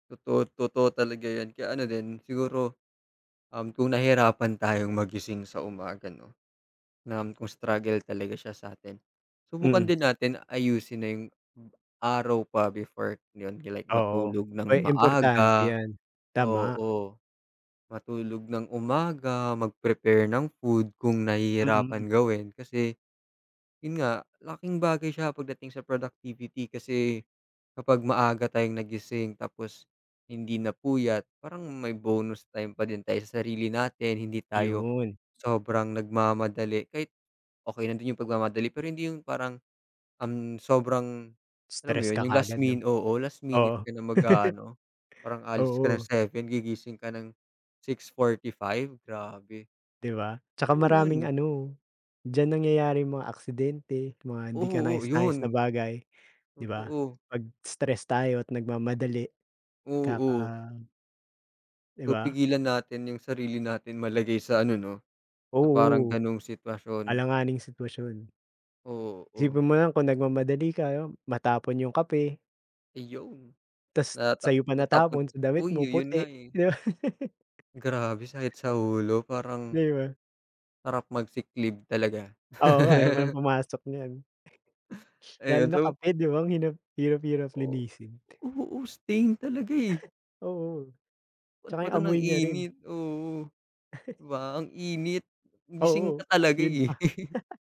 Totoo, totoo talaga yan kaya ano din siguro um, kung nahirapan tayong magising sa umaga 'no. Na kung struggle talaga siya sa atin, subukan Mm. din natin ayusin na yung araw pa before like Oo, matulog ng may importante maaga 'yan tama. oo. Matulog ng umaga, mag-prepare ng food kung Mm. nahihirapan gawin, kasi, yun nga, laking bagay siya pagdating sa productivity kasi, kapag maaga tayong nagising tapos, hindi napuyat, parang may bonus time pa din tay sa sarili natin hindi tayo, Iyon. sobrang nagmamadali kahit, okey lang din yung pagmamadali pero hindi yung parang, um, ang sobrang, alam mo Stress yun? ka Yung last kaagad 'no? min oo, last Oo. minute ka na mag-aano, para aalis ka ng Oo. 7 gigising ka ng, 6:45 grabe. 'Di ba? Saka maraming [unintelligible] ano, diyan nangyayari yung mga aksidente, mga hindi Oo, kanais-nais na yun. bagay, 'di ba? Totoo. Pag stress tayo at nagmamadali, kaka Oo. 'Di Kung ba? pigilan natin yung sarili natin malagay sa ano no, sa parang Oo. ganung sitwasyon. Alanganing sitwasyon. Oo. Isipin mo nalang kung nagmamadali ka, matapon yung kape. Ayun. Tapos Na sa'yo pa natapon natapon damit uy, mo yun puti, nga eh. 'di ba. Grabe sakit sa ulo parang 'Di ba? sarap mag-sick leave talaga. Oo nga ayaw mo ng pumasok niyan. Lalo Ayun na so. kape 'di ba ang hinap ang hirap-hirap Oh, linisin. oo, stain talaga eh. Oo. Ba't Saka pa yung 'to amoy niya rin. nag-init oo, 'di ba ang init, gising Oo ka talaga yun eh. pa.